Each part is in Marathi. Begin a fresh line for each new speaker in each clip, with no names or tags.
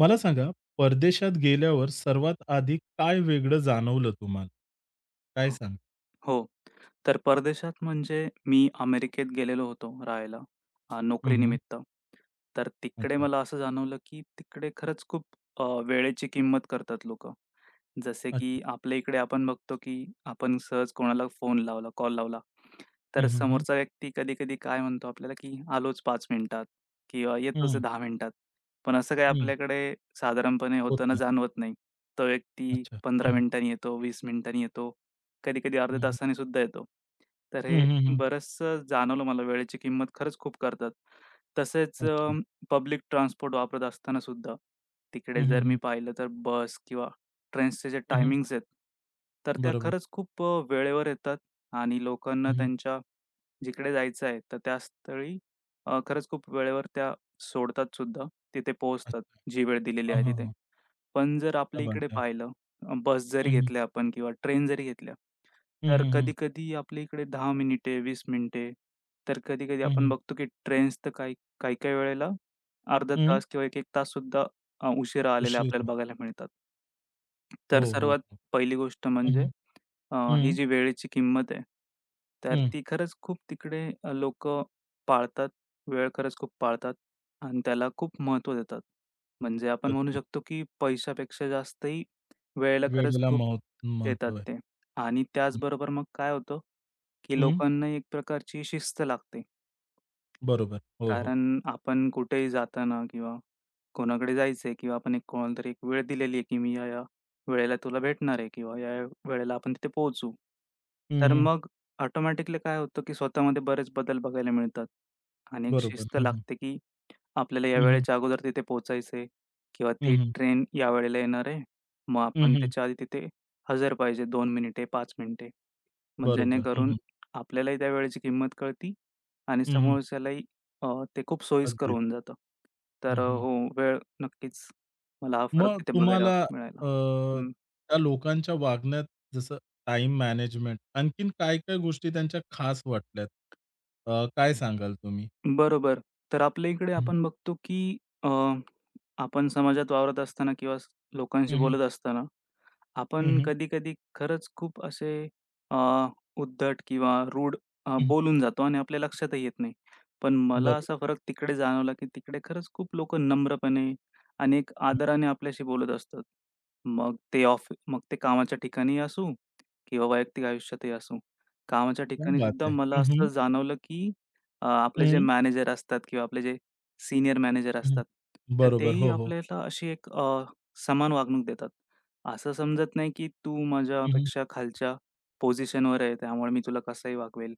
मला सांगा, परदेशात गेल्यावर सर्वात आधी काय वेगळं जाणवलं तुम्हाला? काय
हो,
सांग?
हो. तर परदेशात म्हणजे मी अमेरिकेत गेलेलो होतो राहायला अ,
हं, हं.
नोकरीनिमित्त. तर तिकडे
अच्छा.
मला असं जाणवलं की तिकडे खरंच खूप अ, वेळेची किंमत करतात लोक. जसे
अच्छा.
की आपल्या इकडे आपण बघतो की आपण सहज कोणाला फोन लावला, कॉल लावला,
हं,
तर
हं, हं.
समोरचा व्यक्ती कधी-कधी काय म्हणतो आपल्याला की आलोच 5 मिनिटात किंवा येतोच आहे
हं.
10 मिनिटात. पण असं काही
हं.
आपल्याकडे साधारणपणे
होत
होताना
नाही.
जाणवत नाही. तो व्यक्ती
अच्छा. हं,
15
हं.
मिनिटांनी येतो, 20 मिनिटांनी येतो. कधी-कधी
हं,
अर्ध्या
हं.
तासाने सुद्धा येतो. तर
हं,
हे
हं, हं.
बरचसं जाणवलं मला वेळेची किंमत खरंच खूप करतात. तसेच अ,
अच्छा.
पब्लिक ट्रान्सपोर्ट वापरत असताना सुद्धा तिकडे
हं, हं,
जर मी
हं.
पाहिलं तर बस किंवा ट्रेन्सचे जे
हं, हं.
टाईमिंग्ज आहेत तर त्या
बरोबर.
खरंच खूप अ, वेळेवर येतात आणि लोकांना
हं, हं.
त्यांच्या जिकडे जायचं आहे तर त्या स्थळी अ, खरंच खूप वेळेवर त्या सोडतात सुद्धा तिथे पोहोचतात
अच्छा.
जी वेळ दिलेली
हां,
आहे
हां,
तिथे.
हां.
पण जर
क्या
आपल्या
बात
इकडे
है!
पाहिलं अ, बस जरी
हं, हं.
घेतल्या आपण किंवा ट्रेन जरी घेतल्या,
हं,
तर
हं, हं.
कधी-कधी आपल्या इकडे 10 मिनिटे, 20 मिनिटे, तर कधी-कधी
हं,
आपण
हं.
बघतो की ट्रेन्स तर काही काही-काही वेळेला अर्धा
हं.
तास किंवा 1-1 तास सुद्धा अ, उशिरा आलेल्या
उशीर
आपल्याला
हो.
बघायला मिळतात.
हो,
तर
हो,
सर्वात
हो.
पहिली गोष्ट
हं,
म्हणजे
हं,
अ, ही
हं.
जी वेळेची किंमत आहे, तर
हं.
ती खरंच खूप तिकडे अ, लोक पाळतात वेळ खरंच खूप पाळतात आणि त्याला खूप महत्त्व देतात. म्हणजे आपण म्हणू
अगदी.
शकतो की पैशापेक्षा जास्त ही वेळेला खरंच
वेळेला
खूप
मह
देतात
महत्व आहे.
ते आणि
हं.
त्याचबरोबर मग काय होतं, की
हं.
लोकांना एक प्रकारची शिस्त लागते.
बरोबर. हो, हो.
कारण आपण कुठेही जाताना किंवा कोणाकडे जायचंय किंवा आपण कोणाला तरी एक वेळ दिलेली आहे की मी ह्या, ह्या वेळेला तुला भेटणार आहे किंवा ह्या-ह्या वेळेला आपण तिथे पोहोचू.
हं,
तर
हं.
मग ऑटोमॅटिकली काय होतं की स्वतःमध्ये बरेच बदल बघायला मिळतात आणि एक
बरोबर.
शिस्त
हं, हं.
लागते, की आपल्याला या
हं, हं.
वेळेच्या अगोदर तिथे पोहचायचंय किंवा
हं,
ती
हं.
ट्रेन या वेळेला येणार आहे मग
हं,
आपण
हं.
त्याच्या आधी तिथे हजर पाहिजे 2 मिनिटे 5 मिनिटे. मग
बरोबर. हं,
जेणेकरून
हं.
आपल्यालाही त्यावेळेची किंमत कळती आणि
हं, हं.
समोरच्यालाही अ, ते खूप सोयीस्कर
अगदीच.
होऊन जातं. तर
हं,
अ,
हं.
हो वेळ नक्कीच मला हा फरक
मग
तिथे बघायला
तुम्हाला
मिळायला.
अ,
हं.
त्या लोकांच्या वागण्यात जसं टाईम मॅनेजमेंट, आणखीन काय, काय गोष्टी त्यांच्या खास वाटल्यात? अ, काय सांगाल तुम्ही?
बरोबर, तर आपल्या इकडे
हं.
आपण बघतो, की अ, आपण समाजात वावरत असताना किंवा स लोकांशी
हं, हं.
बोलत असताना,
हं,
आपण
हं.
कधी-कधी खरंच खूप असे अ, उद्धट किंवा रूड अ,
हं.
बोलून जातो आणि आपल्या लक्षातही येत नाही, पण मला असा
बरोबर.
फरक तिकडे जाणवला की तिकडे खरंच खूप लोक नम्रपणे आणि एक
हं.
आदराने आपल्याशी बोलत असतात. मग ते ऑफ मग ते कामाच्या ठिकाणी असू किंवा वैयक्तिक आयुष्यातही असू. कामाच्या
क्या
ठिकाणी
बात
सुद्धा
है!
मला
हं,
असं
हं.
जाणवलं, की अ, आपले जे
हं.
मॅनेजर असतात किंवा आपले जे सीनियर मॅनेजर
हं, हं.
असतात, तर
बरोबर.
तेही
हो, हो.
आपल्याला अशी एक अ, समान वागणूक देतात. असं समजत नाही की तू
हं, हं.
माझ्यापेक्षा खालच्या पोझिशनवर आहे त्यामुळे मी तुला कसंही वागवेल.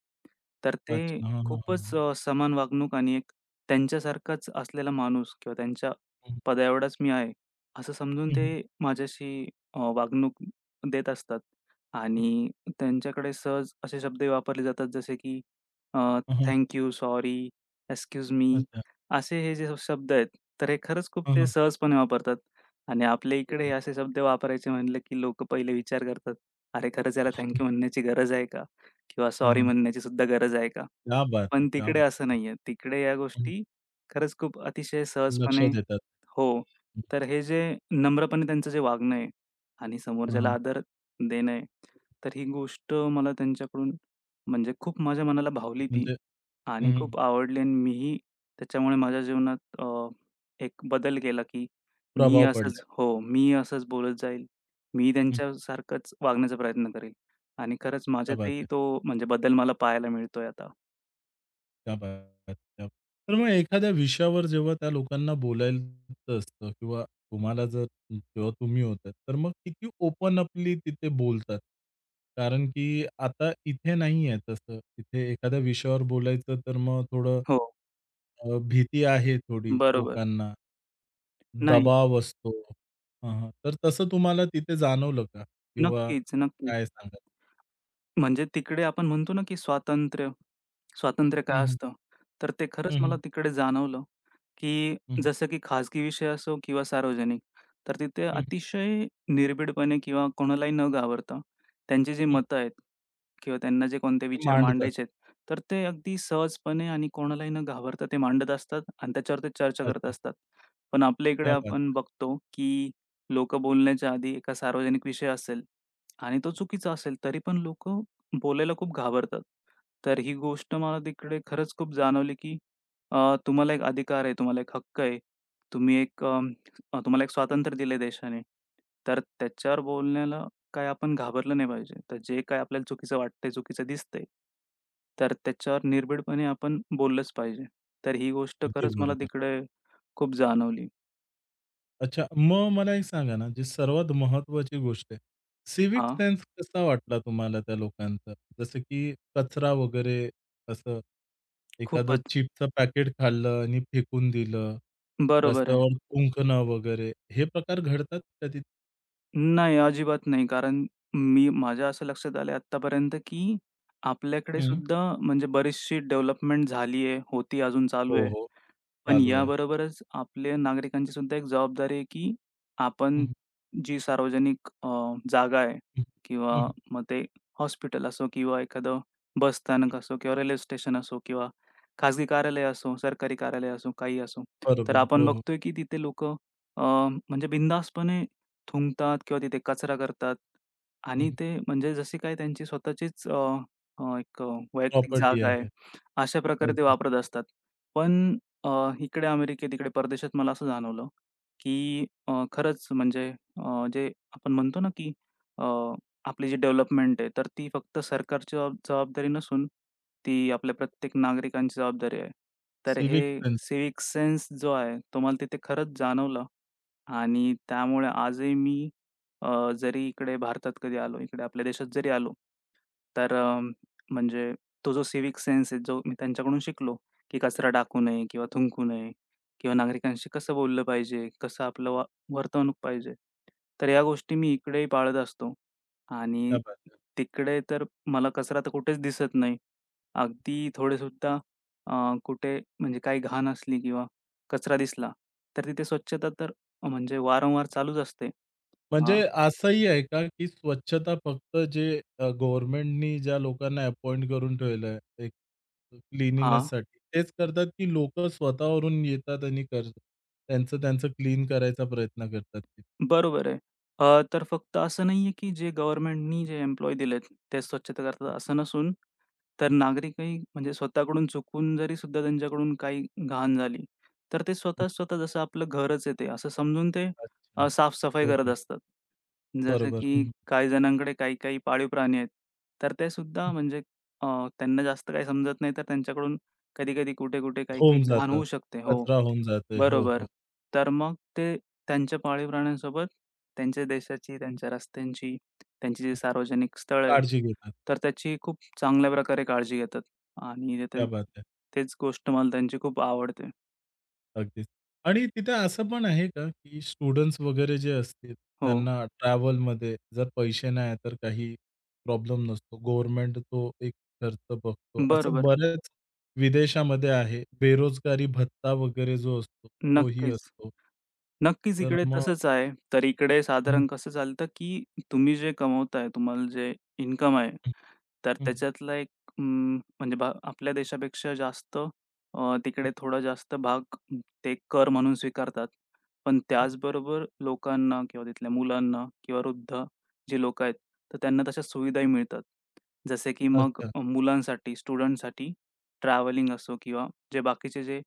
तर ते
अच्छा. हां, हां, हां,
खूपच
हां.
अ, समान वागणूक आणि एक त्यांच्यासारखाच असलेला माणूस किंवा त्यांच्या
हं.
पदाएवढाच मी आहे असं समजून
हं, हं.
ते माझ्याशी अ, वागणूक देत असतात आणि त्यांच्याकडे सहज असे शब्दही वापरले जातात जसे, की अ,
हां, हां.
Thank you, sorry, excuse me,
अच्छा.
असे हे जे शब्द आहेत तर हे खरंच खूप
हां,
ते
हां.
सहजपणे वापरतात आणि आपल्या इकडे हे
[unintelligible]
असे शब्द वापरायचे म्हटलं की लोक पहिले विचार करतात. अरे खरंच याला थँक यू म्हणण्याची गरज आहे का किंवा
हां,
सॉरी
हां.
म्हणण्याची सुद्धा गरज आहे का,
क्या बात है!
पण
क्या
तिकडे
बात
असं नाहीये. तिकडे या
है! हं.
गोष्टी खरंच खूप अतिशय
लक्ष
सहजपणे
देतात.
हो,
हं.
तर हे जे नम्रपणे त्यांचं जे वागणं आहे आणि
हां,
समोरच्याला
हां.
आदर देण आहे तर ही गोष्ट मला त्यांच्याकडून म्हणजे खूप माझ्या मनाला भावली ती
म्हणजे हं,
आणि
हं, हं.
खूप आवडली अन् मीही त्याच्यामुळे माझ्या जीवनात अ, एक बदल केला की मी
प्रभाव पडलाय.
असंच हो, मी असंच बोलत जाईल. मी ही
हं.
त्यांच्यासारखंच वागण्याचा प्रयत्न करीन आणि खरंच
क्या बात
माझ्यातही
है!
तो म्हणजे बदल मला पाहायला मिळतोय आता.
क्या बात है. [unintelligible] तर मग एखाद्या विषयावर जेव्हा त्या लोकांना बोलायचं असतं किंवा तुम्हाला जर तेव्हा तुम्ही होतात, तर मग किती ओपन अपली तिथे बोलतात कारण की आता इथे नाहीये तसं. इथे एखाद्या विषयावर बोलायचं, तर मग थोडं
हो.
अ, भीती आहे थोडी
बरोबर.
लोकांना,
नाही.
दबाव असतो. हं, हं. तर तसं तुम्हाला तिथे जाणवलं का किंवा
नक्कीच, नक्कीच.
काय सांगाल?
म्हणजे तिकडे आपण म्हणतो ना की स्वातंत्र्य स्वातंत्र्य
हं,
काय
हं.
असतं, तर ते खरंच
हं,
मला
हं.
तिकडे जाणवलं, की
हं.
जसं की खाजगी विषय असो किंवा सार्वजनिक, तर तिथे
हं.
अतिशय निर्भिडपणे किंवा कोणालाही न घाबरता त्यांची जी
हं.
मतं आहेत किंवा त्यांना जे कोणते
ते
विचार
मांडतात.
मांडायचे आहेत, तर ते अगदी सहजपणे आणि कोणालाही न घाबरता ते मांडत असतात अन् त्याच्यावरती चर्चा करत
अच्छा.
असतात. पण आपल्या इकडे
क्या बात
आपण
है.
बघतो, की लोक बोलण्याच्या आधी एका सार्वजनिक विषय असेल आणि तो चुकीचा असेल, तरी पण लोक बोलायला खूप घाबरतात. तर ही गोष्ट मला तिकडे खरंच खूप जाणवली, की अ, तुम्हाला एक अधिकार आहे, तुम्हाला एक हक्क आहे. तुम्ही एक अ, अ, तुम्हाला एक स्वातंत्र्य दिल देशाने, तर त्याच्यावर बोलण्याला काही आपण घाबरलं नाही पाहिजे. तर जे काही आपल्याला चुकीचं वाटतंय, चुकीचं दिसतंय, तर त्याच्यावर निर्भिडपणे आपण बोललंच पाहिजे. तर ही गोष्ट
अगदी
खरंच मला
बरोबर.
तिकडे, खूप जाणवली.
अच्छा, मग मला एक सांगा ना, जे सर्वात महत्वाची गोष्ट आहे सिव्हिक
हां.
सेन्स कसा वाटला तुम्हाला त्या लोकांचा, जसं की कचरा वगैरे असं, एखादं
खूपच.
चिप्सचं पॅकेट खाल्लं आणि फेकून दिलं,
बरोबर आहे.
रस्त्यावर थुंकणं वगैरे. हे प्रकार घडतात का तिथे?
नाही, अजिबात नाही कारण मी माझ्या असं लक्षात आलंय आत्तापर्यंत की
हं.
आपल्याकडेसुद्धा म्हणजे बरीचशी डेव्हलपमेंट झालीये, होती आहे, अजून चालू
हो,
आहे.
हो.
पण
चालू आहे.
याबरोबरच आपल्या नागरिकांची सुद्धा एक जबाबदारी आहे, की
हं,
आपण
हं.
जी सार्वजनिक अ, जागा आहे
हं, हं,
किंवा
हं.
मग ते हॉस्पिटल असो किंवा एखादं बस स्थानक असो किंवा रेल्वे स्टेशन असो किंवा खाजगी कार्यालय असो, सरकारी कार्यालय असो, काहीही असो. तर
बरोबर
आपण
हो, हो.
बघतोय की तिथे लोक अ, म्हणजे बिनधास्तपणे थुंकतात किंवा तिथे कचरा करतात
हं,
आणि
हं.
ते म्हणजे जशी काय त्यांची स्वतःचीच अ, अ, एक अ, वैयक्तिक
प्रॉपर्टी
जागा आहे.
आहे.
अशा प्रकारे ते
अगदीच.
वापरत असतात. पण अ, इकडे अमेरिकेत, इकडे परदेशात मला असं जाणवलं, की अ, खरंच म्हणजे अ, जे आपण म्हणतो ना, की अ, आपली जी डेव्हलपमेंट आहे तर ती फक्त सरकारची जबाब जबाबदारी नसून, ती आपल्या प्रत्येक नागरिकांची जबाबदारी आहे. तर हे
सिव्हिक सेन्स.
सिव्हिक सेन्स जो आहे, तो मला तिथे खरंच जाणवलं आणि त्यामुळे आजही मी अ, जरी इकडे भारतात कधी आलो, इकडे आपल्या देशात जरी आलो, तर अ, म्हणजे तो जो सिव्हिक सेन्स आहे, जो मी त्यांच्याकडून शिकलो, की कचरा टाकू नये किंवा थुकू नये किंवा नागरिकांशी कसं बोललं पाहिजे, कसं आपलं वा वर्तवणूक पाहिजे. तर ह्या गोष्टी मी इकडेही पाळत असतो आणि
क्या बात है.
तिकडे तर मला कचरा तर कुठेच दिसत नाही, अगदी थोडेसुद्धा अ, कुठे म्हणजे काही घाण असली किंवा कचरा दिसला तर तिथे स्वच्छता तर म्हणजे वारंवार चालूच असते. हां.
म्हणजे असंही आहे का की स्वच्छता फक्त जे अ, गव्हर्नमेंटनी ज्या लोकांना अपॉइंट करून ठेवलंय एक अ,
हां.
क्लीनीनेससाठी, तेच करतात की लोक स्वतः वरून येतात आणि कर त्यांचं-त्यांचं क्लीन करायचा प्रयत्न करतात तिथे?
बरोबर आहे. अ, तर फक्त असं नाहीये की जे गव्हर्नमेंटनी जे एम्प्लॉयी दिलेत, ते स्वच्छता करतात असं नसून तर
हं.
नागरिकही म्हणजे स्वतःकडून चुकून जरीसुद्धा त्यांच्याकडून काही घाण झाली, तर ते
हं.
स्वतः स्वतः जसं आपलं घरच आहे ते असं समजून ते अ,
अच्छा,
साफ-सफाई करत
ओके.
असतात. जसं
बरोबर. हं,
की
हं.
काही जणांकडे काही-काही पाळीव प्राणी आहेत, तर ते सुद्धा
हं.
म्हणजे अ, त्यांना जास्त काही समजत नाही, तर त्यांच्याकडून कधी-कधी, कुठे-कुठे,
होऊन
काही-काही घाण
जातं.
होऊ शकते हो,
कचरा होऊन जातं. हो,
बरोबर.
हो.
तर मग ते त्यांच्या पाळीव प्राण्यांसोबत, त्यांच्या देशाची, त्यांच्या रस्त्यांची, त्यांची जी सार्वजनिक स्थळं आहेत,
काळजी घेतात.
तर त्याची खूप चांगल्या प्रकारे काळजी घेतात आणि तिथे
क्या बात है.
तेच गोष्ट मला त्यांची खूप आवडते.
अगदीच आणि तिथे असं पण आहे का? की स्टुडंट्स वगैरे जे असतील,
हो.
त्यांना ट्रॅव्हलमध्ये जर पैसे नाही आहेत, तर काही प्रॉब्लेम नसतो? गव्हर्नमेंट तो एक खर्च बघतो. असं
बरोबर.
बऱ्याच विदेशामध्ये आहे. बेरोजगारी भत्ता वगैरे जो असतो, तो ही
नक्कीच,
असतो.
नक्कीच,
तर
इकडे
मग
तसंच आहे. तर इकडे
हं.
साधारण कसं चालतं, की तुम्ही जे कमवताय तुम्हाला जे इन्कम आहे,
हं,
तर
हं.
त्याच्यातला एक अं, म्हणजे ब आपल्या देशापेक्षा जास्त अ,
हं.
तिकडे थोडा जास्त भाग ते कर म्हणून स्वीकारतात, पण
हं.
त्याचबरोबर लोकांना किंवा तिथल्या मुलांना किंवा वृद्ध जी लोक आहेत, तर त्यांना तशा सुविधाही मिळतात. जसे की मग
अच्छा.
मुलांसाठी, स्टुडंट्ससाठी ट्रॅव्हलिंग असो किंवा जे बाकीचे जे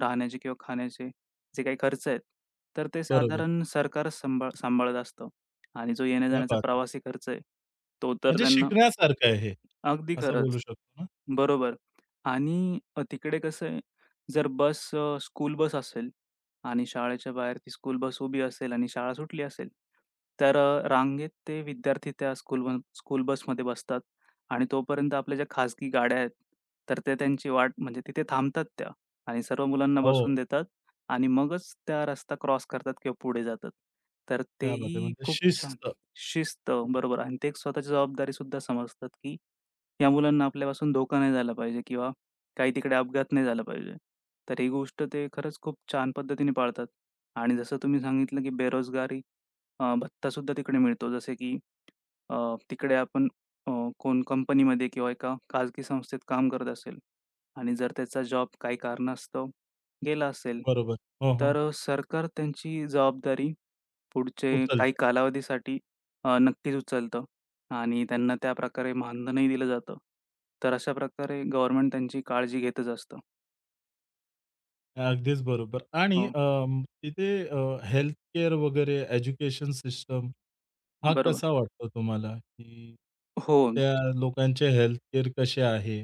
राहण्याचे किंवा खाण्याचे जे काही खर्च आहेत, तर ते
बरोबर.
साधारण सरकारच सांभाळ सांभाळत असतं आणि जो
क्या
येण्या-जाण्याचा
बात है!
प्रवासी खर्च आहे तो तर
म्हणजे
त्यांना
शिकण्यासारखं आहे,
अगदी
असं
खरंच.
बोलू शकतो ना.
बरोबर आणि अ, तिकडे कसं आहे अ, जर बस अ, स्कूल बस असेल आणि शाळेच्या बाहेर ती स्कूल बस उभी असेल आणि शाळा सुटली असेल, तर अ, रांगेत ते विद्यार्थी त्या स्कूल बस स्कूल बसमध्ये बसतात आणि तोपर्यंत आपल्या ज्या खाजगी गाड्या आहेत, तर त्या त्यांची वाट म्हणजे तिथे थांबतात त्या आणि सर्व मुलांना
हो.
बसवून देतात आणि मगच त्या रस्ता क्रॉस करतात किंवा पुढे जातात. तर ते
क्या बात है!
ही
म्हणजे
खूप छान
शिस्त.
शिस्त बरोबर आणि ते स्वतःची जबाबदारीसुद्धा समजतात, की या मुलांना आपल्यापासून धोका नाही झाला पाहिजे किंवा काही तिकडे अपघात नाही झाला पाहिजे. तर ही गोष्ट ते खरंच खूप छान पद्धतीने पाळतात आणि जसं तुम्ही सांगितलं की बेरोजगारी अ, भत्तासुद्धा तिकडे मिळतो. जसे की अ, तिकडे आपण अ, कोण कंपनीमध्ये किंवा एका खाजगी संस्थेत काम करत असेल आणि जर त्याचा जॉब काही कारणास्तव गेला असेल,
बरोबर. हो,
तर
हो.
अ, सरकार त्यांची जबाबदारी पुढचे काही
उचलतं.
कालावधीसाठी अ, नक्कीच उचलतं आणि त्यांना त्या प्रकारे मानधनही दिलं जातं. तर अशा प्रकारे गव्हर्नमेंट त्यांची काळजी घेतच असतं.
अगदीच बरोबर आणि
हो.
अं, तिथे अ, हेल्थ केअर वगैरे, एज्युकेशन सिस्टम हा
बरोबर.
कसा वाटतो तुम्हाला? की
हो.
त्या लोकांचे हेल्थ केअर कसे आहे?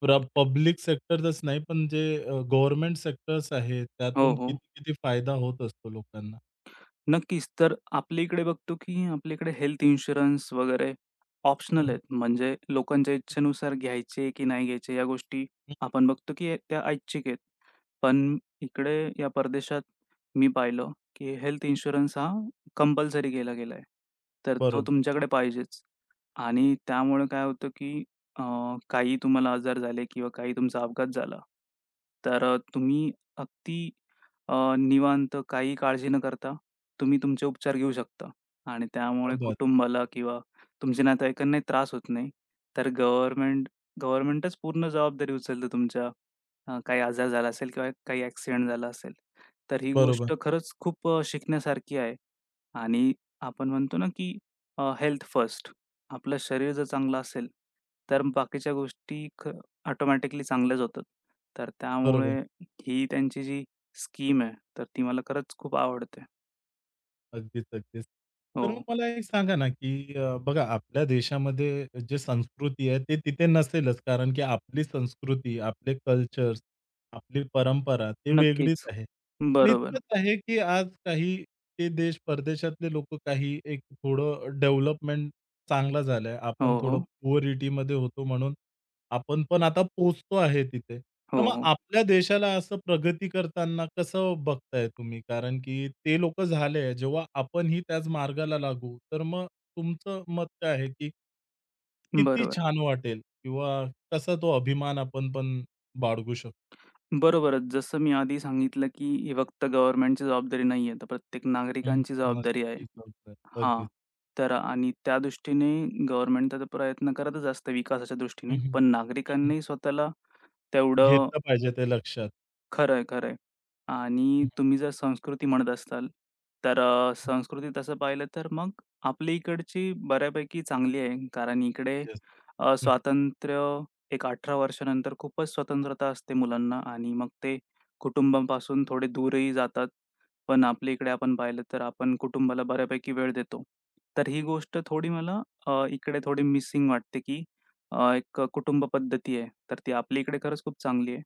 प्र पब्लिक सेक्टरचंच नाही पण जे अ, गव्हर्नमेंट सेक्टर्स आहेत.
हो,
त्यातून
हो.
कित-किती फायदा होत असतो लोकांना?
नक्कीच. तर आपल्याकडे बघतो, की आपल्याकडे हेल्थ इन्शुरन्स वगैरे
हं,
ऑप्शनल
हं.
म्हणजे लोकांच्या
हं.
इच्छेनुसार घ्यायचे, की नाही घ्यायचे या गोष्टी
हं.
आपण बघतो की त्या ऐच्छिक आहेत.
हं.
पण इकडे या परदेशात मी पाहिलं, की हेल्थ
हं.
इन्शुरन्स हा कंपल्सरी केला गेला. तर तो
बरोबर.
तुमच्याकडे पाहिजेच आणि त्यामुळे काय होतं, की अ, काही तुम्हाला आजार झाले किंवा काही तुमचा अपघात झाला. तर तुम्ही अगदी अ, निवांत काही काळजी न करता. तुम्ही तुमचे उपचार घेऊ शकता आणि
क्या
त्यामुळे
बात है!
कुटुंबाला किंवा तुमचे नातेवाईकांना त्रास होत नाही. तर
हं.
गव्हर्नमेंट गव्हर्नमेंटच पूर्ण जबाबदारी उचलत तुमच्या अ, काही आजार झाला असेल किंवा काही एक्सिडेंट झाला असेल. तर ही
बरोबर.
गोष्ट खरंच खूप अ, शिकण्यासारखी आहे आणि आपण म्हणतो ना, की अ हेल्थ फर्स्ट. आपलं शरीर जर चांगलं असेल, तर बाकीच्या गोष्टी क ऑटोमॅटिकली चांगल्याच होतात. तर
बरोबर.
त्यामुळे, ही त्यांची जी स्कीम आहे. तर ती मला खरंच खूप आवडते.
अगदीच-अगदीच. तर मग
हो.
मला एक सांगा ना, की अ, बघा आपल्या देशामध्ये जे संस्कृती आहे ते तिथे नसेलच कारण की आपली संस्कृती, आपले कल्चर्स, आपली परंपरा ती वेगळीच
नक्कीच,
आहे. पण
बरोबर.
इतकंच आहे की आज काही ते देश, परदेशातले लोक काही एक थोडं डेव्हलपमेंट चांगलं झालंय. आपण
हो,
थोडं
हो.
पुअरिटीमध्ये होतो म्हणून आपण पण आता पोहचतो आहे तिथे.
हो,
तर मग
हो.
आपल्या देशाला असं प्रगती करताना कसं बघताय तुम्ही? कारण की ते लोक झाले. जेव्हा आपणही त्याच मार्गाला लागू, तर मग तुमचं मत काय आहे की किती
बरोबर.
छान वाटेल किंवा कसा तो अभिमान आपण पण बाळगू शकतो?
बरोबरच. जसं मी आधी सांगितलं की ही फक्त गव्हर्नमेंटची जबाबदारी नाहीये. तर प्रत्येक
हं.
नागरिकांची
मस्त
जबाबदारी आहे.
ती जबाबदारी,
हां,
अगदीच.
तर आणि त्या दृष्टीने गव्हर्नमेंट तर प्रयत्न करतचं असतं विकासाच्या
हं,
दृष्टीने
हं,
पण
हं, हं.
नागरिकांनीही स्वतःला तेवढं
घेतलं पाहिजे ते लक्षात.
खरंय-खरंय. आणि
हं.
तुम्ही जर संस्कृती म्हणत असताल तर अ,
हं.
संस्कृती तसं पाहिलं तर मग आपली इकडची बऱ्यापैकी चांगली आहे. कारण इकडे
येस,
अ,
हं.
स्वातंत्र्य एक 18 वर्षानंतर खूपच स्वतंत्रता असते मुलांना आणि मग ते कुटुंबांपासून थोडे दूरही जातात. पण आपल्या इकडे आपण पाहिलं तर आपण कुटुंबाला बऱ्यापैकी वेळ देतो. तर ही गोष्ट थोडी मला अ, इकडे थोडी मिसिंग वाटते, की अ, एक कुटुंब पद्धती आहे. तर ती आपल्याकडे खरंच खूप चांगली आहे.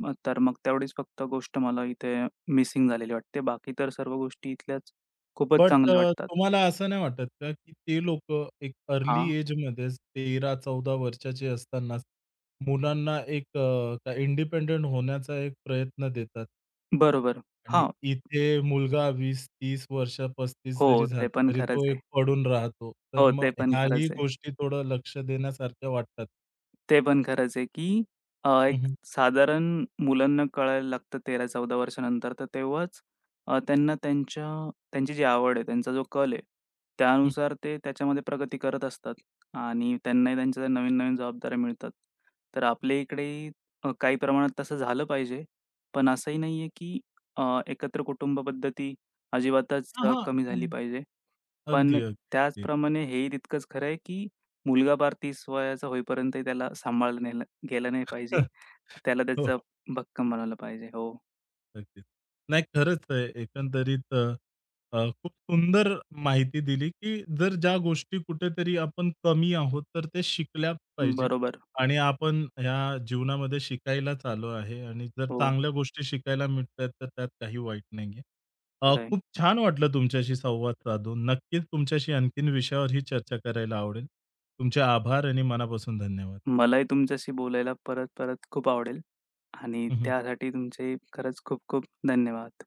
मग तर मग तेवढीच फक्त गोष्ट मला इथे मिसिंग झालेली वाटते. बाकी तर सर्व गोष्टी इथल्याच, खूपच
बट अ,
चांगल्या वाटतात.
तुम्हाला असं नाही वाटत का, की ते लोक एक अर्ली
हां.
एजमध्येच 13-14 वर्षाची असतानाच, मुलांना एक अ, इंडिपेंडंट होण्याचा एक प्रयत्न देतात.
बरोबर,
आणि
हां.
इथे मुलगा 20-30 वर्ष, 35 जरी
हो,
झाला,
ते पण
तरी तो
खरंच
एक
आहे.
पडून राहतो. तर
हो,
मग
ते पण
ह्याही
खरंच आहे.
गोष्टी थोडं लक्ष देण्यासारख्या वाटतात.
ते पण खरंच आहे, की अ,
हं,
एक
हं.
साधारण मुलांना कळायला लागतं 13-14 वर्षानंतर, तर तेव्हाच अ, त्यांना त्यांच्या त्यांची जी आवड आहे, त्यांचा जो कल आहे,
हं.
त्यानुसार ते त्याच्यामध्ये प्रगती करत असतात आणि त्यांनाही त्यांच्या नवीन-नवीन जबाबदाऱ्या मिळतात. तर आपल्या इकडेही अ, काही प्रमाणात तसं झालं पाहिजे. पण असंही नाहीये की अ, एकत्र कुटुंब पद्धती अजिबातच
हां,
अ,
हां.
कमी झाली
हं.
पाहिजे. पण
अगदी अगदी अगदी.
त्याचप्रमाणे हे ही तितकंच खरं आहे, की मुलगा पार 30 वयाचा होईपर्यंत, त्याला सांभाळलं नेल-गेलं नाही पाहिजे. त्याला
हो,
त्याचं
हो.
भक्कम बनवलं पाहिजे. हो.
अगदीच. नाही खरंच आहे एकंदरीत अ, अ, खूप सुंदर माहिती दिली, की जर ज्या गोष्टी कुठेतरी आपण कमी आहोत, तर ते शिकल्या पाहिजेत
बरोबर.
आणि आपण ह्या जीवनामध्ये शिकायलाच आलो आहे आणि जर
हो.
चांगल्या गोष्टी शिकायला मिळतायेत, तर त्यात काही वाईट नाहीये. अ,
खरं आहे.
खूप छान वाटलं तुमच्याशी संवाद साधून. नक्कीच तुमच्याशी आणखीन विषयावरही चर्चा करायला आवडेल. तुमचे आभार आणि मनापासून धन्यवाद.
मलाही तुमच्याशी बोलायला परत-परत खूप आवडेल आणि
हं, हं.
त्यासाठी तुमचे खरंच खूप-खूप धन्यवाद.